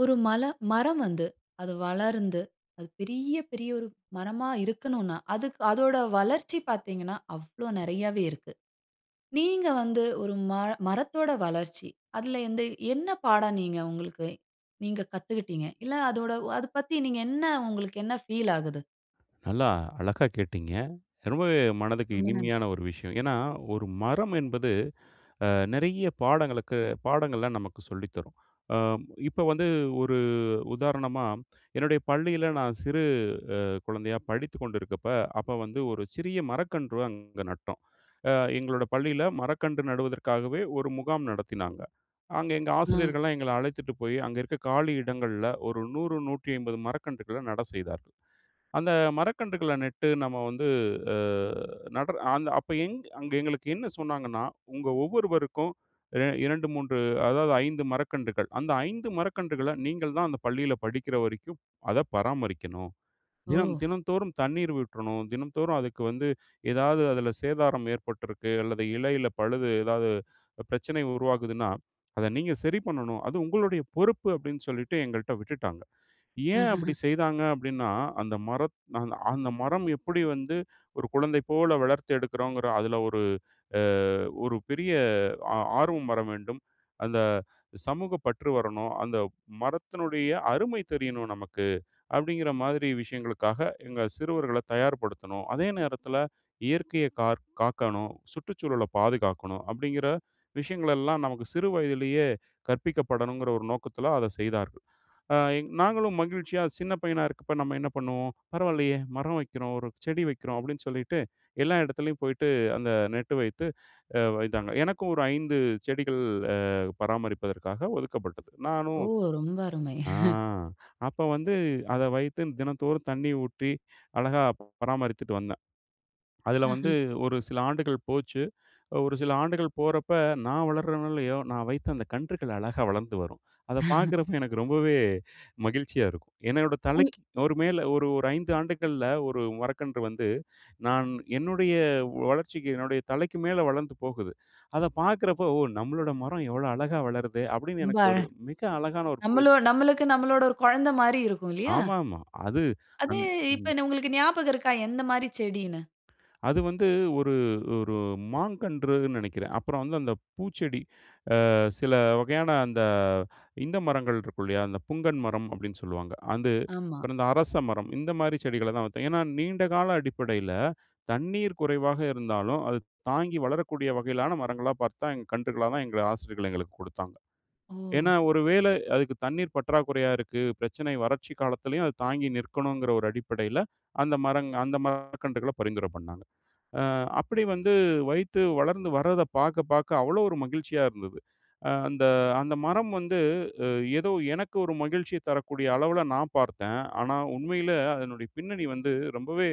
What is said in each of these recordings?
ஒரு மல மரம் வந்து, அது வளர்ந்து அது பெரிய, பெரிய ஒரு மரமா இருக்கனுன்னா, அதுக்கு அதோட வளர்ச்சி பாத்தீங்கன்னா, அவ்ளோ நெறயாவே இருக்கு. நீங்க வந்து ஒரு மர மரத்தோட வளர்ச்சி, அதில எந்த என்ன பாடம் நீங்க உங்களுக்கு நீங்க கத்துக்குட்டீங்க? இல்ல, அதோட அத பத்தி நீங்க என்ன உங்களுக்கு என்ன ஃபீல் ஆகுது? நல்லா அழகா கேட்டீங்க, ரொம்பவே மனதுக்கு ரொம்ப நன்றி. இனிமையான ஒரு விஷயம். ஏன்னா, ஒரு மரம் என்பது அ நிறைய பாடங்களுக்கு பாடங்கள நமக்கு சொல்லி தரும். அ இப்போ வந்து ஒரு உதாரணமா, என்னுடைய பள்ளியில நான் சிறு அ குழந்தையா படித்துக் கொண்டிருக்கப்ப அப்ப வந்து ஒரு சிறிய மரக்கன்று அங்க நட்டோம். அ எங்களோட பள்ளியில மரக்கன்று நடுவதற்காகவே ஒரு முகாம் நடத்தினாங்க. அங்கே எங்க ம். ஆசிரியர்கள்லாம் எங்கள அழைத்துட்டு போயி, அங்க இருக்க காலி இடங்கள்ல ஒரு 100, 150 மரக்கன்றுகள நட செய்தார்கள். அந்த மரக்கன்றுகள நட்டு நம்ம வந்து, அ நடர அந்த அப்ப எங் அங்க எங்களுக்கு என்ன சொன்னாங்கன்னா, "உங்க ஒவ்வொருவருக்கும் ரெ 2, 3, அதாவது 5 மரக்கன்றுகள், அந்த 5 மரக்கன்றுகள நீங்கள் தான் அந்த பள்ளியில படிக்கிற வரைக்கும் அத பராமரிக்கணும். தினம் ஓ. தினந்தோறும் தண்ணீர் விட்றணும், தினந்தோறும் அதுக்கு வந்து எதாவது அதில சேதாரம் ஏற்பட்ருக்கு, அல்லது இலைல பழுது ஏதாவது, பிரச்சனை உருவாகுதுன்னா, அத நீங்க சரி பண்ணணும், அது உங்களுடைய பொறுப்பு." அப்படின்னு சொல்லிட்டு எங்கள்ட்ட விட்டுட்டாங்க. ஏன் அப்டி செய்தாங்க அப்டின்னா, அந்த மரத் அந்த் அந்த மரம் எப்படி வந்து ஒரு குழந்தை போல வளர்த்து எடுக்குறோங்கிற அதில ஒரு அ ஒரு பெரிய ஆ ஆர்வம் வர வேண்டும். அந்த சமூக பற்று வரணும், அந்த மரத்தினுடைய அருமை தெரியணும் நமக்கு. அப்டிங்கிற மாதிரி விஷயங்களுக்காக எங்க சிறுவர்கள தயார்படுத்தணும். அதே நேரத்துல இயற்கைய கார் காக்கணும், சுற்றுச்சூழல பாதுகாக்கணும் அப்டிங்கிற விஷயங்கள் எல்லாம் நமக்கு சிறு வயதிலயே கற்பிக்கப்படணுங்கிற ஒரு நோக்கத்தில அத செய்தார்கள். ஆ, எங் நாங்களும் மகிழ்ச்சியா சின்ன பையனா இருக்கப்ப நம்ம என்ன பண்ணுவோம்? "பரவால்லையே, மரம் வைக்கிறோம்! ஒரு செடி வைக்கிறோம்!"அப்டின்னு சொல்லிட்டு எல்லா இடத்துலயும் போய்ட்டு அந்த நெட்டு வைத்து அ வைத்தாங்க. எனக்கும் ஒரு 5 செடிகள் அ பராமரிப்பதற்காக ஒதுக்கப்பட்டது. நானும் ஓ, ரொம்ப அருமை! ஆ அப்ப வந்து அத வைத்து தினந்தோறும் தண்ணீ ஊற்றி அழகா பராமரித்துட்டு வந்தேன். அதுல வந்து ஆஹ. ஒரு சில ஆண்டுகள் போச்சு. ஒரு சில ஆண்டுகள் போறப்ப, நான் வளர்றனோ இல்லையோ, நான் வைத்த அந்த கன்றுகள் அழகா வளர்ந்து வரும். அத பாக்குறப்போ எனக்கு ரொம்பவே மகிழ்ச்சியா இருக்கும். என்னோட [unintelligible] தலைக்கு ஒரு மேல, ஒரு ஒரு 5 ஆண்டுகள்ல ஒரு மரக்கன்று வந்து நான் என்னுடைய வளர்ச்சிக்கு என்னுடைய தலைக்கு மேல வளந்து போகுது. அத பார்க்குறப்போ, "ஓ! நம்மளோட மரம் எவ்ளோ அழகா வளருதே!’ அப்டின்னு ரொம்ப எனக்கு அழ. ஒரு மிக அழகான ஒரு பெரு நம்மள நம்மளுக்கு, நம்மளோட ஒரு கொழந்த மாரி இருக்கும் இல்லையா? ஆமா, ஆமா. அது, அது அந் இப்ப ம். என்ன உங்களுக்கு ஞாபகம் இருக்கா? எந்த மாரி செடின்னு? அது வந்து ஒரு, ஒரு மாங்கன்றுன்னு நினைக்கிறேன். அப்புறம் வந்து அந்த பூச்செடி, ஆ சில வகையான அந்த இந்த மரங்கள் இருக்கும் இல்லையா? அந்த "புங்கன் மரம்" அப்டின்னு சொல்வாங்க. அது ஆமா. அப்றம் இந்த அரச மரம், இந்த மாரி செடிகள தான் வச்சோம். ஏன்னா நீண்டகால அடிப்படையில தண்ணீர் குறைவாக இருந்தாலும், அது தாங்கி வளரக்கூடிய வகையிலான மரங்களா பார்த்து தான், கன்றுகளா தான் எங்கள் ஆசிரியர்கள் எங்களுக்கு கொடுத்தாங்க. ஓ. ஏன்னா, ஒரு வேள அதுக்கு தண்ணீர் பற்றாக்குறையா இருக்கு பிரச்சனை, வறட்சி காலத்திலயும் அது தாங்கி நிற்கணுங்கிற ஒரு அடிப்படையில, அந்த மரங் அந்த மரக்கன்றுகள பரிந்துரை பண்ணாங்க. அ அப்டி வந்து வைத்து வளர்ந்து வர்றத பாக்க பாக்க அவ்ளோ ஒரு மகிழ்ச்சியா இருந்தது. அ அந்த அந்த மரம் வந்து அ ஏதோ எனக்கு ஒரு மகிழ்ச்சிய தரக்கூடிய அளவுல நான் பார்த்தேன், ஆனா உண்மையில அதனுடைய பின்னணி வந்து ரொம்பவே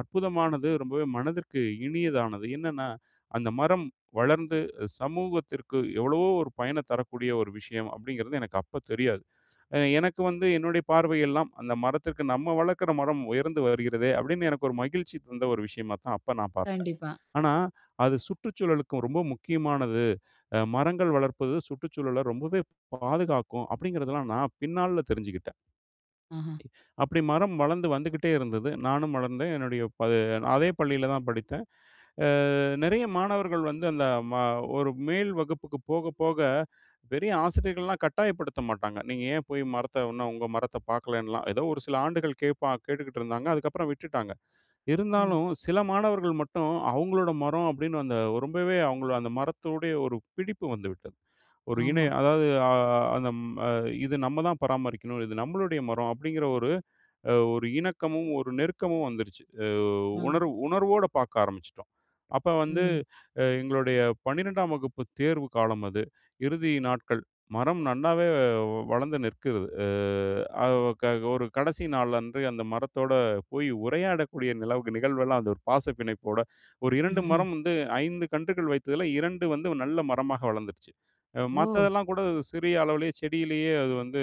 அற்புதமானது ரொம்பவே மனதிற்கு இனியதானது. என்னன்னா, அந்த மரம் வளர்ந்து சமூகத்திற்கு எவ்வளவோ ஒரு பயன தரக்கூடிய ஒரு விஷயம் அப்டிங்கிறது எனக்கு அப்போ தெரியாது. அ எனக்கு வந்து என்னுடைய பார்வை எல்லாம் அந்த மரத்திற்கு நம்ம வளர்க்கிற மரம் உயர்ந்து வருகிறதே அப்படின்னு எனக்கு ஒரு மகிழ்ச்சி தந்த ஒரு விஷயமா தான் அப்ப நான் பாத்தேன். கண்டிப்பா. ஆனா அது சுற்றுச்சூழலுக்கும் ரொம்ப முக்கியமானது. அ மரங்கள் வளர்ப்பது சுற்றுச்சூழல ரொம்பவே பாதுகாக்கும் அப்டிங்கிறதெல்லாம் நான் பின் நாள்ல தெரிஞ்சுக்கிட்டேன். ஆஹ. அப்படி மரம் வளந்து வந்துகிட்டே இருந்தது, நானும் வளர்ந்தேன். என்னுடைய ப அதே பள்ளியில தான் படித்தேன். அ நிறைய மாணவர்கள் வந்து அந்த ம ஒரு மேல் வகுப்புக்கு போக, போக பெரிய ஆசிரியர்கள்லாம் கட்டாயப்படுத்த மாட்டாங்க, நீங்க ஏன் போய் மரத்த இன்னும் உங்க மரத்த பாக்கலைன்லாம். ஏதோ ஒரு சில ஆண்டுகள் கேட்பா கேட்டுக்கிட்டு இருந்தாங்க. அதுக்கப்புறம் விட்டுட்டாங்க. ம். இருந்தாலும் சில மாணவர்கள் மட்டும் அவுங்களோட மரம் அப்டின்னு அந்த ரொம்பவே அவுங்கள் அந்த மரத்தோடைய ஒரு பிடிப்பு வந்துவிட்டது. ஒரு இணை, ஆமா. அதாவது அ அந்த ம இது நம்ம தான் பராமரிக்கனும், இது நம்மளுடைய மரம் அப்டிங்குற ஒரு அ ஒரு இணக்கமும், ஒரு நெருக்கமும் வந்துருச்சு. அ ம். உணர்வு உணர்வோட பாக்க ஆரம்பிச்சுட்டோம். அப்ப வந்து ம். அ எங்களுடைய 12ஆம் வகுப்பு தேர்வு காலம் அது. இறுதி நாட்கள். மரம் நல்லாவே வளர்ந்து நிற்கிறது. அ அ க ஒரு கடைசி நாள் அன்று அந்த மரத்தோட போய் உரையாடக்கூடிய நிலவுக்கு நிகழ்வெல்லாம் அந்த ஒரு பாசப்பிணைப்போட ஒரு 2 மரம் வந்து 5 கன்றுகள் வைத்ததில 2 வந்து நல்ல மரமாக வளந்துருச்சு. அ ஓ. மத்ததெல்லாம் கூட சிறிய அளவுலயே செடியிலயே அது வந்து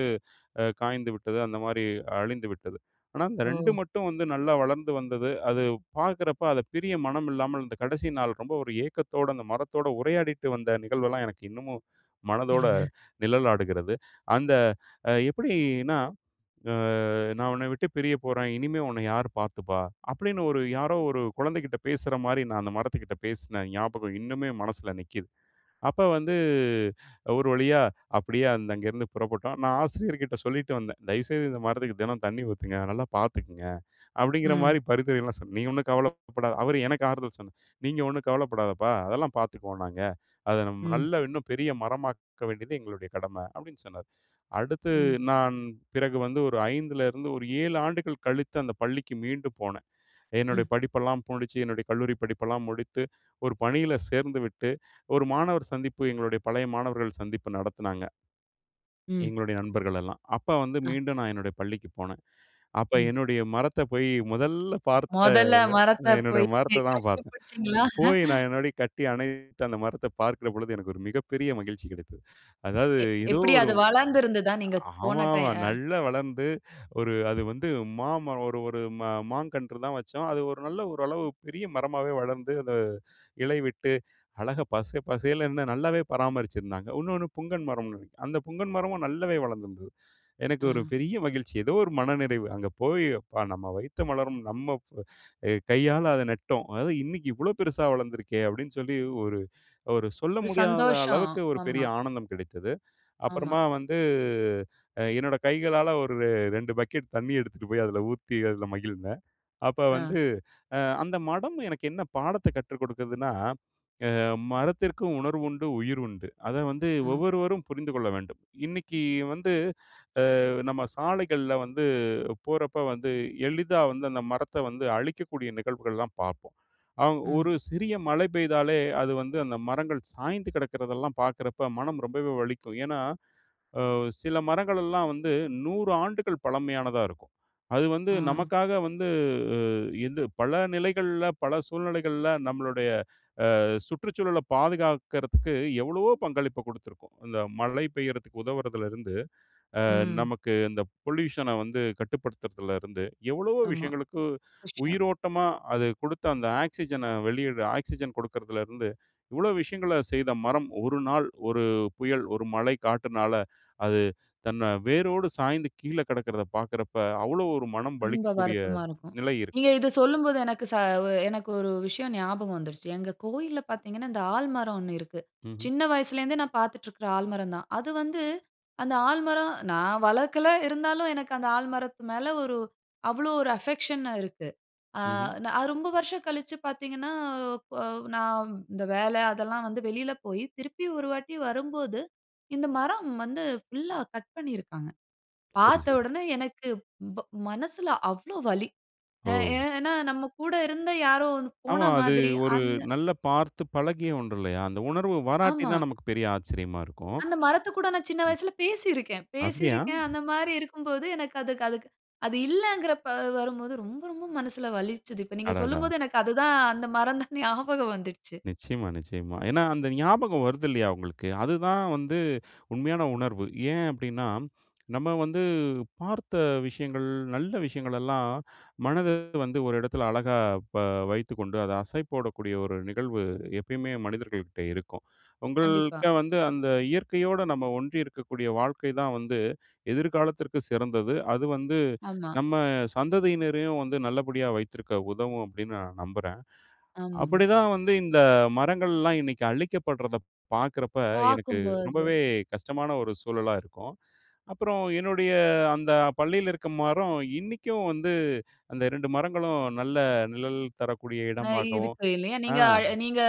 அ காய்ந்துவிட்டது, அந்த மாரி அழிந்துவிட்டது. ஆனா இந்த 2 ஓ. மட்டும் வந்து நல்லா வளர்ந்து வந்தது. அது பாக்குறப்ப அத பிரிய மனம் இல்லாமல் அந்த கடைசி நாள் ரொம்ப ஒரு ஏக்கத்தோட, அந்த மரத்தோட உரையாடிட்டு வந்த நிகழ்வெல்லாம், எனக்கு இன்னமும் மனதோட நிழலாடுகிறது. அந்த அ எப்புடி இன்னா? அ "நான் உன்ன விட்டு பிரியப்போறேன், இனிமே உன்ன யார் பாத்துப்பா?" அப்டின்னு ஒரு யாரோ ஒரு குழந்தைகிட்ட பேசுற மாரி நான் அந்த மரத்துகிட்ட பேசின ஞாபகம் இன்னுமே என் மனசுல நிக்குது. அப்ப வந்து ஒரு வழியா அப்படியே அந்த அங்கேருந்து புறப்பட்டோம். நான் ஆசிரியர்கிட்ட சொல்லிட்டு வந்தேன், "தயவுசெய்து இந்த மரத்துக்கு தினம் தண்ணீ ஊத்துங்க, நல்லா பாத்துக்கங்க." அப்படிங்கிற ம். மாரி பரிந்துரைலாம் சொன்னேன். "நீ ஒண்ணும் கவலைப்படா" அவர் எனக்கு ஆறுதல் சொன்னார், "நீங்க ஒண்ணும் கவலப்படாதப்பா, அதெல்லாம் பாத்துக்குவோம் நாங்க. அத நம்ம ம். நல்லா இன்னும் பெரிய மரமாக்க வேண்டியது எங்களுடைய கடம."அப்டின்னு சொன்னார். அடுத்து ம். நான் பிறகு வந்து ஒரு 5ல இருந்து ஒரு 7 ஆண்டுகள் கழித்து அந்த பள்ளிக்கு மீண்டு போனேன். என்னுடைய ம். படிப்பெல்லாம் முடிச்சு, என்னுடைய கல்லூரி படிப்பெல்லாம் முடித்து ஒரு பணியில சேர்ந்துவிட்டு ஒரு மாணவர் சந்திப்பு, எங்களுடைய பழைய மாணவர்கள் சந்திப்பு நடத்துனாங்க ம். எங்களுடைய நண்பர்கள் எல்லாம். அப்ப வந்து, ஆ. மீண்டும் நான் என்னுடைய பள்ளிக்கு போனேன். அப்போ ம். என்னுடைய மரத்த போயி முதல்ல பார்த்த, மொதல்ல மரத்த என்னுடைய போயி நீங்க மரத்த தான் கட்டி பாத்தேன். புடிச்சீங்களா? போய் நான் என்னோடைய கட்டி அணைத்து, அந்த மரத்தை பார்க்கிற பொழுது, எனக்கு ஒரு மிகப்பெரிய மகிழ்ச்சி கிடைத்தது. அதாவது எ ஏதோ எப்புடி ஒரு அது வளர்ந்து இருந்ததா? நீங்க போன டய ஆமாமா அ. நல்லா வளர்ந்து ஒரு அது வந்து மாமரம் ஒரு ஒரு மா மாங்கன்று தான் வச்சோம். அது ஒரு நல்ல ஓரளவு பெரிய மரமாவே வளர்ந்து அத இலை விட்டு, அழகா பச பசேலுன்னு நல்லாவே பராமரிச்சுருந்தாங்க. இன்னொண்ணு புங்கன் மரம்னு நினைக்கிறேன். அந்த புங்கன் மரமும் நல்லாவே வளர்ந்திருந்தது. எனக்கு ஒரு அ. பெரிய மகிழ்ச்சி, ஏதோ ஒரு மனநிறைவு. அங்க போய், "அப்பா. நம்ம வைத்த மலரும் நம்ம அ கையால அத நட்டோம். அதாவது இன்னைக்கு இவ்ளோ பெருசா வளந்துருக்கே!" அப்டின்னு சொல்லி ஒரு, ஒரு சொல்ல ஒரு முடியாத சந்தோஷம். அளவுக்கு ஒரு ஆமா. பெரிய ஆனந்தம் கிடைத்தது. ஆமா. அப்புறமா வந்து அ என்னோட கைகளால ஒரு ரெ 2 பக்கெட் தண்ணி எடுத்துட்டு போயி அதில ஊத்தி அதில மகிழ்ந்தேன். அப்ப ஆ. வந்து அ அந்த மரம் எனக்கு என்ன பாடத்த கற்று கொடுக்கதுன்னா, அ மரத்திற்கும் உணர்வுண்டு, உயிர் உண்டு. அத வந்து ஆ. ஒவ்வொருவரும் புரிந்து கொள்ள வேண்டும். இன்னிக்கு வந்து அ நம்ம சாலைகள்ல வந்து போறப்ப வந்து எளிதா வந்து அந்த மரத்த வந்து அழிக்கக்கூடிய நிகழ்வுகள்லாம் பாப்போம். அ ம். ஒரு சிறிய மழை பெய்தாலே அது வந்து அந்த மரங்கள் சாய்ந்து கிடக்கிறதெல்லாம் பாக்குறப்ப மனம் ரொம்பவே வலிக்கும். ஏன்னா ஆ சில மரங்கள் எல்லாம் வந்து 100 ஆண்டுகள் பழமையானதா இருக்கும். அது வந்து ஆ. நமக்காக வந்து அ இந்து பல நிலைகள்ல பல சூழ்நிலைகள்ல நம்மளுடைய அ சுற்றுச்சூழல பாதுகாக்கறதுக்கு எவ்வளவோ பங்களிப்ப குடுத்திருக்கும். இந்த மழை பெய்யறதுக்கு உதவரதுல இருந்து, அ ம். நமக்கு இந்த பொல்யூஷன வந்து கட்டுப்படுத்துறதலிருந்து எவ்வளவோ ஆமா. விஷயங்களுக்கு விஷ்யம். உயிரோட்டமா அது கொடுத்த, அந்த ஆக்சிஜன வெளியிட ஆக்ஸிஜன் கொடுக்குறதுலருந்து இவ்ளோ விஷயங்கள செய்த மரம் ஒரு நாள் ஒரு புயல் ஒரு மழை காற்றுனால அது தன்ன வேரோடு சாய்ந்து கீழே கிடக்கிறத பாக்குறப்ப அவ்வளோ ஒரு மனம் ரொம்ப வலிக்கக்கூடிய வருத்தமா இருக்கும். நிலை இருக்கு. நீங்க இது சொல்லும்போது எனக்கு ச எனக்கு ஒரு விஷயம் ஞாபகம் வந்துடுச்சு. எங்க கோயில்ல பாத்தீங்கன்னா, இந்த ஆலமரம் 1 இருக்கு. ம்ஹ்ம். சின்ன வயசுலருந்தே நான் பாத்துட்ருக்கிற ஆலமரம் தான். அது வந்து அந்த ஆலமரம், நான் வளக்கல இருந்தாலும் எனக்கு அந்த ஆலமரத்து மேல ஒரு, அவ்வளோ ஒரு அஃபெக்க்ஷன்னா இருக்கு. அ ம்ஹ்ம். நான் ரொம்ப வருஷம் கழிச்சு பாததீங்கன்னா, பொவ் நா இந்த வேல அதெல்லாம் வந்து வெளில போயி, திருப்பி ஒரு வாட்டி வரும்போது, இந்த மரம் வந்து ஃபுல்லா கட் பண்ணியிருக்காங்க. சரி பாத்த சரி. உடனே எனக்கு வ்வ மனசுல அவ்ளோ வலி! எ ஓ. ஏன்னா நம்ம கூட இருந்த யாரோ ஒன் போன ஆமா. அது மாதிரி. ஒரு அந்த நல்ல பார்த்து பழகிய ஒன்று இல்லையா? அந்த உணர்வு வராட்டி ஆமா. தான் நமக்கு பெரிய ஆச்சரியமா இருக்கும். அந்த மரத்து கூட நான் சின்ன ம். வயசுல பேசிருக்கேன். அப்படியா? பேசிருக்கேன், அந்த மாரி இருக்கும்போது எனக்கு அதுக் அதுக்கு அது இல்லங்கிறப்ப வரும்போது, ரொம்ப ரொம்ப மனசுல வலிச்சுது. இப்ப நீங்க அடடா! சொல்லும்போது எனக்கு அது தான் அந்த மரம் தான் ஞாபகம் வந்துட்ச்சு. நிச்சயமா, நிச்சயமா, ஏன்னா அந்த ஞாபகம் வருது இல்லையா உங்களுக்கு. அதுதான் வந்து உண்மையான உணர்வு. ஏன் அப்டின்னா, நம்ம வந்து பார்த்த விஷயங்கள் நல்ல விஷயங்கள் எல்லாம் மனது வந்து ஒரு எடத்தில அழகா ப வைத்துக்கொண்டு அதை அசைப்போடக்கூடிய ஒரு நிகழ்வு எப்பயுமே மனிதர்கள்கிட்ட இருக்கும். கண்டிப்பா. உங்கள்ட்ட வந்து அந்த இயற்கையோட நம்ம ஒன்றி இருக்கக்கூடிய வாழ்க்கை தான் வந்து எதிர்காலத்திற்கு சிறந்தது. அது வந்து ஆமா. நம்ம சந்ததியினரையும் வந்து நல்லபடியா வைத்திருக்க உதவும் அப்டின்னு நான் நம்புறேன். ஆமாமா. அப்படி தான் வந்து இந்த மரங்கள்லாம் இன்னைக்கு அழிக்கப்படுறத பாக்குறப்ப எனக்கு பாக்கும்போது. ரொம்பவே கஷ்டமான ஒரு சூழலா இருக்கும். அப்புறம் என்னுடைய அந்த பள்ளியில இருக்க மரம் இன்னிக்கும் வந்து அந்த 2 மரங்களும் நல்ல நிழல் தரக்கூடிய ந இடம்மாகவும் இருக்கு இல்லையா, ஆ. நீங்க அ நீங்க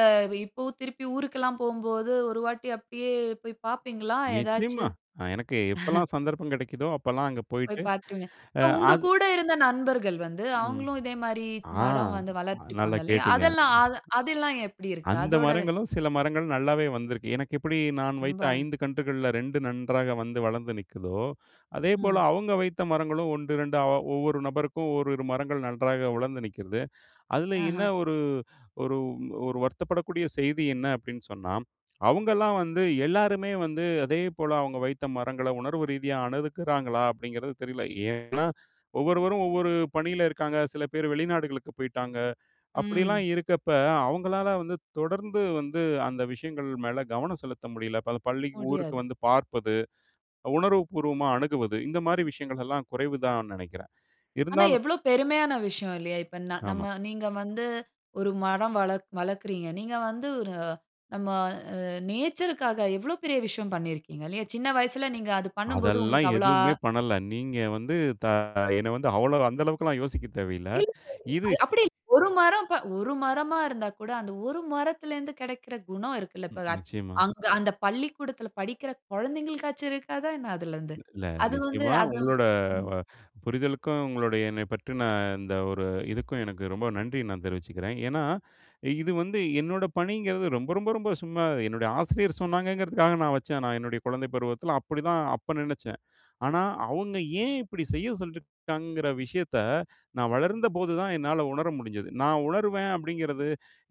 இப்பவும் திருப்பி ஊருக்கெல்லாம் போம்போது, ஒரு வாட்டி அப்டியே போய் பாப்பீங்களா நிச்சயமா, ஏதாச்சும்? எனக்கு எப்போலாம் சந்தர்ப்பம் கிடைக்குதோ, அப்பலாம் அங்க போயிட்டு போய் பார்த்துடுங்க. ஆ இப்ப உங்க அது கூட இருந்த நண்பர்கள் வந்து, ம். அவுங்களும் இதே மாரி ஆ, மரம் வந்து வளர்த்து நல்லா இருப்பாங்க இல்லையா? கேட்டீங்க. அதெல்லாம் அது அதெல்லாம் எப்டி இருக்கு? அந்த அதோட மரங்களும் சில மரங்களும் நல்லாவே வந்திருக்கு. எனக்கு எப்படி நான் வைத்த ரொம்ப. 5 கன்றுகள்ல, 2 நன்றாக வந்து வளந்து நிக்குதோ, அதேபோல ம். அவுங்க வைத்த மரங்களும் 1 2 ஒவ்வொரு நபருக்கும் 1,2 மரங்கள் நன்றாக வளர்ந்து நிக்கிறது. அதுல என்ன ஆஹ. ஒரு ஒரு ஒரு வருத்தப்படக்கூடிய செய்தி என்ன அப்டின்னு சொன்னா, அவுங்களாம் வந்து எல்லாருமே வந்து அதே போல அவுங்க வைத்த மரங்கள உணர்வு ரீதியா அணுகுக்கிறாங்களா அப்படிங்கிறது தெரில. ஏன்னா ஒவ்வொருவரும் ஒவ்வொரு பணியில இருக்காங்க, சில பேர் வெளிநாடுகளுக்கு போய்ட்டாங்க, அப்படிலாம் ம். இருக்கப்ப அவங்களால வந்து தொடர்ந்து வந்து அந்த விஷயங்கள் மேல கவனம் செலுத்த முடியல. இப்ப அந்த பள்ளிக்கு, ஊருக்கு முடியாது. வந்து பார்ப்பது, உணர்வு பூர்வமா அணுகுவது இந்த மாரி விஷயங்கள் எல்லாம் குறைவுதான் நினைக்கிறேன். ஆனா இருந்தாலும் எவ்ளோ பெருமையான விஷயம் இல்லையா? இப்ப ந நம்ம ஆமா. நீங்க வந்து ஒரு மரம் வளர் வளக்குறீங்க. நீங்க வந்து ஒரு, நம்ம அ நேச்சர்க்காக எவ்ளோ பெரிய விஷயம் பண்ணிருக்கீங்க இல்லையா? சின்ன வயசுல நீங்க அது பண்ணும்போது அதெல்லாம் உங்களுக்கு அவ்வளா எதுவுமே பண்ணல. நீங்க வந்து தா என்ன வந்து அவ்ளோ அந்த அளவுக்குல்லாம் யோசிக்க தேவையில்ல. இல்லல்ல. இது அது அப்டி இல்ல. ஒரு மரம் ப, ஒரு மரமா இருந்தா கூட, அந்த ஒரு மரத்திலருந்து கெடைக்கிற குணம் இருக்குல்ல, இப்ப நிச்சயமா. அங்க அந்த பள்ளிக்கூடத்தில படிக்கிற கொழந்தைகளுக்காச்சும் இருக்காதா என்ன அதிலருந்து? இல்ல, அது வந்து நிச்சயமா, அது. உங்களோட ம். வ புரிதலுக்கும் உங்களுடைய என்ன பற்றின இந்த ஒரு இதுக்கும், எனக்கு ரொம்ப நன்றி நான் தெரிவிச்சுக்கிறேன். ஏன்னா இது வந்து என்னோட பணிங்கிறது ரொம்ப, ரொம்ப, ரொம்ப சும்மா, என்னுடைய ஆசிரியர் சொன்னாங்கங்கிறதுக்காக நான் வச்சேன் நான் என்னுடைய குழந்தை பருவத்தில. அப்படிதான் அப்ப நினைச்சேன். ஆனா அவுங்க ஏன் இப்டி செய்ய சொல்லியிருக்காங்கங்கிற விஷயத்த நான் வளர்ந்தபோதுதான் என்னால உணர முடிஞ்சது. நான் உணர்வேன் அப்படிங்கிறது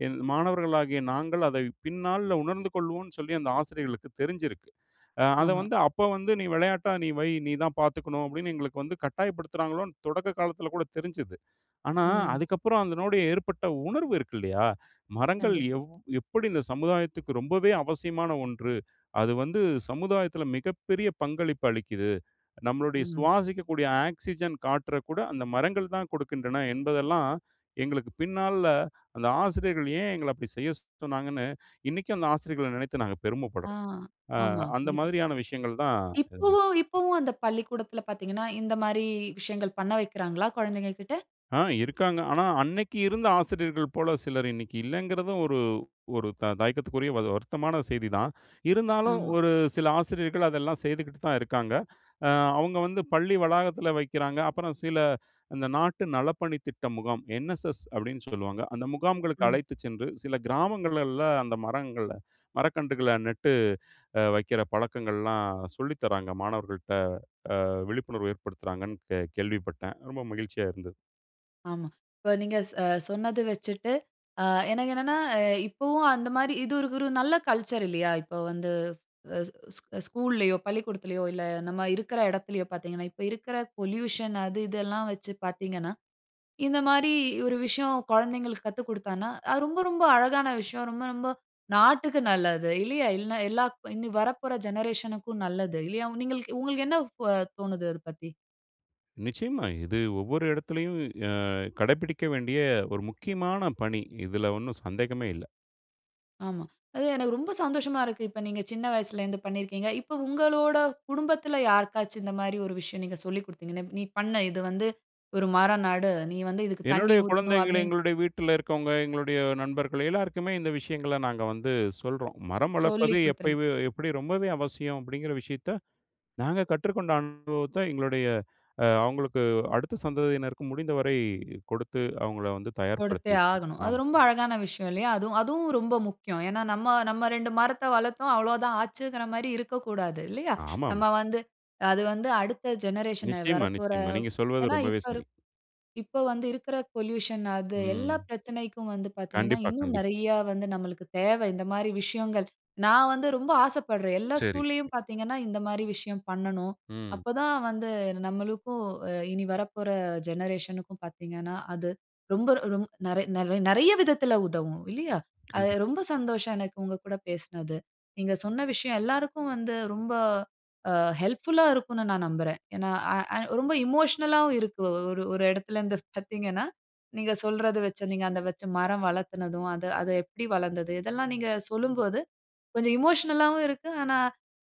என் மாணவர்களாகிய நாங்கள் அதை பின் நாள்ல உணர்ந்து கொள்வோம்னு சொல்லி அந்த ஆசிரியர்களுக்கு தெரிஞ்சிருக்கு. ஆ, அத ஆமா. வந்து அப்ப வந்து "நீ விளையாட்டா நீ வை, நீ தான் பாத்துக்கணும்"அப்டின்னு எங்களுக்கு வந்து கட்டாயப்படுத்துறாங்களோன்னு தொடக்க காலத்ல கூட தெரிஞ்சுது. ஆனா ம். அதுக்கப்புறம் அதனோடு ஏற்பட்ட உணர்வு இருக்கு இல்லயா? மரங்கள் கண்டிப்பா. எவ் எப்படி இந்த சமுதாயத்துக்கு ரொம்பவே அவசியமான ஒன்று அது வந்து சமுதாயத்தில மிகப்பெரிய பங்களிப்பு அளிக்கிது. நம்மளுடைய ம். சுவாசிக்கக்கூடிய ஆக்ஸிஜன் காற்ற கூட அந்த மரங்கள் தான் கொடுக்கின்றன என்பதெல்லாம் எங்களுக்கு பின் நாள்ல அந்த ஆசிரியர்கள் ஏன் எங்கள அப்டி செய்ய சொன்னாங்கன்னு இன்னைக்கும் அந்த ஆசிரியர்கள நினைத்து நாங்க ஆ, பெருமப்படுறோம். ஆ, ஆமா. அந்த கண்டிப்பா. மாதிரியான விஷயங்கள் தான். [unintelligible] இப்போவும் இப்போவும் அந்த பள்ளிக்கூடத்துல பாத்தீங்கன்னா, இந்த மாரி விஷயங்கள் பண்ண வைக்கிறாங்களா? கொழந்தைங்க கிட்ட. ஆ இருக்காங்க, ஆனா அன்னைக்கு இருந்த ஆசிரியர்கள் போல சிலர் இன்னைக்கு இல்லைங்கிறதும், ஒரு, ஒரு த தயக்கத்துக்குரிய வ வருத்தமான செய்திதான். இருந்தாலும் ஆமா. ஒரு சில ஆசிரியர்கள் அதெல்லாம் செய்துக்கிட்டு தான் இருக்காங்க. அ அவுங்க வந்து பள்ளி வளாகத்தில வைக்கிறாங்க. அப்புறம் சில இந்த நாட்டு நலப்பணி திட்ட முகாம், ‘என்எஸ்எஸ்’ அப்படின்னு சொல்லுவாங்க, அந்த முகாம்களுக்கு ம். அழைத்துச் சென்று சில கிராமங்களில அந்த மரங்கள மரக்கன்றுகள நட்டு அ வைக்கிற பழக்கங்கள்லாம் சொல்லி தராங்க மாணவர்கள்ட்ட அ விழிப்புணர்வு ஏற்படுத்துறாங்கன்னு கே கேள்விப்பட்டேன். ரொம்ப மகிழ்ச்சியா இருந்தது. ஆமா. இப்ப நீங்க ச சொன்னது வச்சுட்டு ஆ எனக்கு என்னன்னா ஆ இப்போவும் அந்த மாதிரி இது இதுரு ஒரு நல்ல கல்ச்சர் இல்லையா? இப்ப வந்து அ ஸ் ஸ் ஸ்கூல்லேயோ பள்ளிக்கூடத்துலையோ, இல்ல, நம்ம இருக்குற இடத்திலேயோ பார்த்தீங்கன்னா, இப்ப இருக்குற பொல்யூஷன் அது, இதெல்லாம் வச்சு பார்த்தீங்கன்னா, இந்த மாரி ஒரு விஷயம், கொழந்தைங்களுக்கு கத்துக் கொடுத்தானா அது ரொம்ப, ரொம்ப அழகான விஷயம். ரொம்ப, ரொம்ப நாட்டுக்கு நல்லது. இல்லையா? இல்லைனா, எல்லாக் இனி வரப்போற ஜெனரேஷன் க்கும் நல்லது இல்லையா? நீங்களுக்கு உங்களுக்கு என்ன தோணுது அத பத்தி? நிச்சயமா. இது ஒவ்வொரு இடத்துலயும் ஆ கடைபிடிக்க வேண்டிய ஒரு முக்கியமான பணி. இதுல ஒண்ணும் சந்தேகமே இல்ல. ஆமா. அது எனக்கு ரொம்ப சந்தோஷமா இருக்கு. இப்ப நீங்க சின்ன வயசுலருந்து பண்ணியிருக்கிறீங்க. இப்ப உங்களோட குடும்பத்துல யாருக்காச்சும், இந்த மாரி ஒரு விஷயம் நீங்க சொல்லி குடுத்தீங்கன்னு, "நீ பண்ணு. இது வந்து ஒரு மரம் நடு. நீ வந்து இதுக்கு தண்ணீ என்னுடைய ஊத்தணும்." குழந்தைகளு அப்பிடி எங்களுடைய வீட்டுலருக்கவங்க, எங்களுடைய நண்பர்கள் எல்லாருக்குமே இந்த விஷயங்கள நாங்க வந்து சொல்றோம். மரம் சொல்லி வளர்ப்பது குடுத்துருங்க. எப்பவே எப்பிடி ரொம்பவே அவசியம் அப்டிங்குற விஷயத்த, நாங்க கற்றுக்கொண்ட அனுபவத்த, எங்களுடைய அவங்களுக்கு அடுத்த சந்ததியினருக்கு முடிந்த வரை கொடுத்து, அவங்கள வந்து கொடுத்தே தயார்படுத்திருக்கேன். ஆகணும். அது ஆமா. ரொம்ப அழகான விஷயம் இல்லையா? அதுவும் அதுவும் ரொம்ப முக்கியம். ஏன்னா நம்ம நம்ம 2 மரத்த வளர்த்தோம். அவ்வளோ தான் ஆச்சுங்குற மாரி இருக்கக்கூடாது. இல்லையா? ஆமாமா. நம்ம வந்து அது வந்து அடுத்த ஜெனரேஷன் நிச்சயமா, வரப்போற நிச்சயமா. நீங்க சொல்வது ஏன்னா ரொம்பவே இப்ப சரி. இருக் இப்போ வந்து இருக்குற பொல்யூஷன் அது. ம். எல்லா பிரச்சனைக்கும் வந்து பார்த்தீங்கன்னா, கண்டிப்பா, இன்னும் கண்டிப்பா. நெறைய வந்து நம்மளுக்கு தேவை, இந்த மாரி விஷயங்கள். நான் வந்து ரொம்ப ஆசைப்படுறேன். எல்லா சரி. ஸ்கூல்லேயும் பார்த்தீங்கன்னா, இந்த மாரி விஷயம் பண்ணணும். ம். அப்ப தான் வந்து நம்மளுக்கும், இனி வரப்போற ஜெனரேஷனுக்கும் பார்த்தீங்கன்னா, அது ரொம்ப ரொம் நெறை நெறை நெறைய விதத்துல உதவும். இல்லையா? அது கண்டிப்பா. ரொம்ப சந்தோஷம் எனக்கு, உங்கக்கூட பேசனது. நீங்க சொன்ன விஷயம் எல்லாருக்கும் வந்து ரொம்ப ஆ ஹெல்ப்ஃபுல்லா இருக்குன்னு நான் நம்புறேன். ஏனா ஆ ஆ ரொம்ப எமோஷனல் ஆவும் இருக்கு. ஒரு ஒரு இடத்துலருந்து பார்த்தீங்கன்னா, நீங்க சொல்றது வைச்சு, நீங்க அந்த வைச்ச மரம் வளர்த்துனதும் அது அது எப்பிடி வளர்ந்தது? இதெல்லாம் நீங்க சொல்லும்போது. கொஞ்சம் எமோஷனல் ஆவும் இருக்கு. ஆனா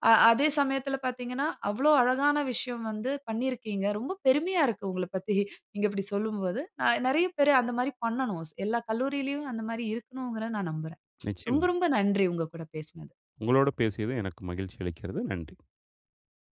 ஆ அதே சமயத்துல பார்த்தீங்கன்னா, அவ்வளோ அழகான விஷயம் வந்து பண்ணியிருக்கீங்க. ரொம்ப பெருமையா இருக்கு, உங்கள பத்தி, நீங்க இப்டி சொல்லும்போது. நா நெறைய பேரு அந்த மாரி பண்ணனும். ஸ் எல்லா கல்லூரியிலும் அந்த மாரி இருக்குனும்ங்குற நான் நம்புறேன். நிச்சயமா. ரொம்ப ரொம்ப நன்றி, உங்க கூட பேசனது. உங்களோடு பேசியது எனக்கு மகிழ்ச்சி அளிக்கிறது. நன்றி.